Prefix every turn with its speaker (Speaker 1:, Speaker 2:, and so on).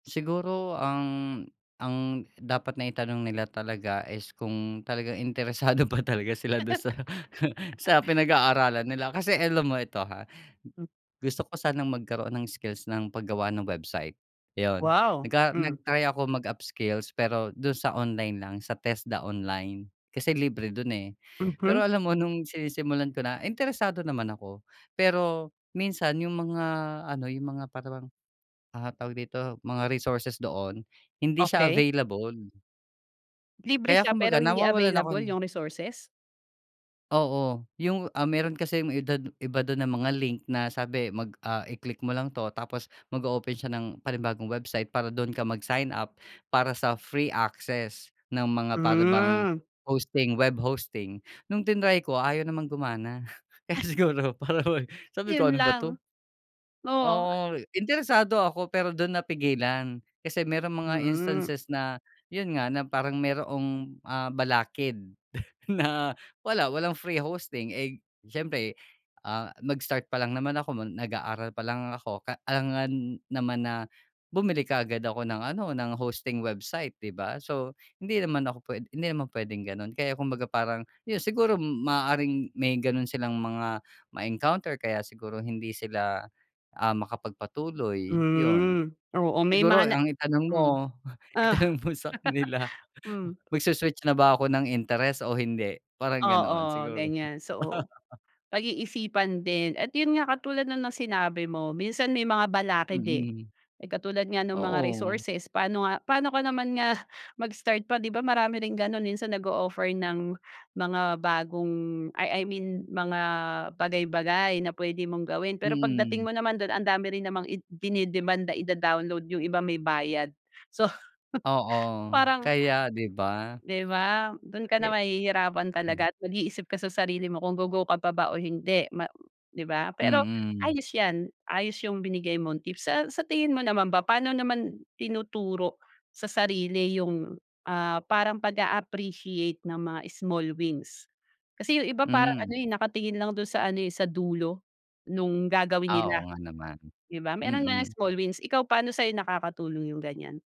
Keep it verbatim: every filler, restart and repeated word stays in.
Speaker 1: Siguro ang ang dapat na itanong nila talaga is kung talagang interesado pa talaga sila dun sa sa pinag-aaralan nila kasi alam mo ito ha,
Speaker 2: [unintelligible]
Speaker 1: gusto ko sanang magkaroon ng skills ng pag-gawa ng website, yun.
Speaker 2: Wow,
Speaker 1: Naga
Speaker 2: mm.
Speaker 1: nag-try ako mag upskills pero dun sa online lang sa TES-DA online kasi libre dun eh. Pero
Speaker 2: Mm.
Speaker 1: alam mo nung sinisimulan ko na interesado naman ako pero minsan yung mga ano, yung mga para bang, ah, tawag dito, mga resources doon hindi siya
Speaker 2: Okey.
Speaker 1: available.
Speaker 2: Libre
Speaker 1: Kaya
Speaker 2: siya
Speaker 1: kumbaga
Speaker 2: pero hindi
Speaker 1: nawawalan
Speaker 2: available
Speaker 1: ako
Speaker 2: yung resources?
Speaker 1: Oo yung, ah, meron kasi yung edad iba dun ng mga link na sabi mag, ah, i-click mo lang to tapos mag-oopen siya ng panibagong website para dun ka mag-sign up para sa free access ng mga para bang
Speaker 2: Hmm.
Speaker 1: hosting web, hosting, nung tinry ko ayaw namang gumana kaya siguro para bang sabi ko
Speaker 2: Yun
Speaker 1: ano ba ito?
Speaker 2: lang, oo.
Speaker 1: Oo interesado ako pero dun napigilan kasi merong mga
Speaker 2: Mm.
Speaker 1: instances na yun nga na parang mayroong, ah, balakid na wala, walang free hosting eh, siyempre, ah, mag-start pa lang naman ako nag-aaral pa lang ako ka alangan naman na bumili kaagad ako ng ano, ng hosting website di ba? So hindi naman ako hindi naman pwedeng ganon kaya kumbaga parang yun siguro maaaring may ganon silang mga ma-encounter kaya siguro hindi sila, ah, makapag-patuloy yun.
Speaker 2: Mm, oo may
Speaker 1: Siguro
Speaker 2: mana
Speaker 1: ang itanong mo
Speaker 2: mm, ah.
Speaker 1: itanong mo sa kanila
Speaker 2: Mm.
Speaker 1: magsu-switch na ba ako ng interes, o hindi? Parang ganoon
Speaker 2: Oo
Speaker 1: siguro.
Speaker 2: ganyan so pag-iisipan din at yun nga katulad ng sinabi mo minsan may mga balakid eh.
Speaker 1: Mm.
Speaker 2: Katulad nga ng mga
Speaker 1: Oo.
Speaker 2: resources paano nga paano ko naman nga mag-start pa di ba marami rin ganun minsan nag-o-offer ng mga bagong ay I mean mga bagay-bagay na pwede mong gawin pero pagdating
Speaker 1: Mm.
Speaker 2: mo naman dun ang dami rin namang dine-demand na ida-download, yung iba may bayad. so
Speaker 1: Oo.
Speaker 2: parang
Speaker 1: Kaya di ba?
Speaker 2: Di ba? Dun ka na
Speaker 1: Eh
Speaker 2: mahihirapan
Speaker 1: mm.
Speaker 2: talaga at mag-iisip ka sa sarili mo kung go-go ka pa ba o hindi ma di ba pero
Speaker 1: Mm.
Speaker 2: ayos yan ayos yung binigay mong tips. Sa sa tingin mo naman ba paano naman tinuturo sa sarili yung, ah, parang pag-a appreciate ng mga small wins? Kasi yung iba parang
Speaker 1: Mm.
Speaker 2: ano eh, nakatingin lang dun sa ano eh, sa dulo nung gagawin
Speaker 1: Ah,
Speaker 2: nila,
Speaker 1: oo nga naman,
Speaker 2: di ba? Meron nga
Speaker 1: mm.
Speaker 2: small wins ikaw paano sa nakakatulong yung ganyan?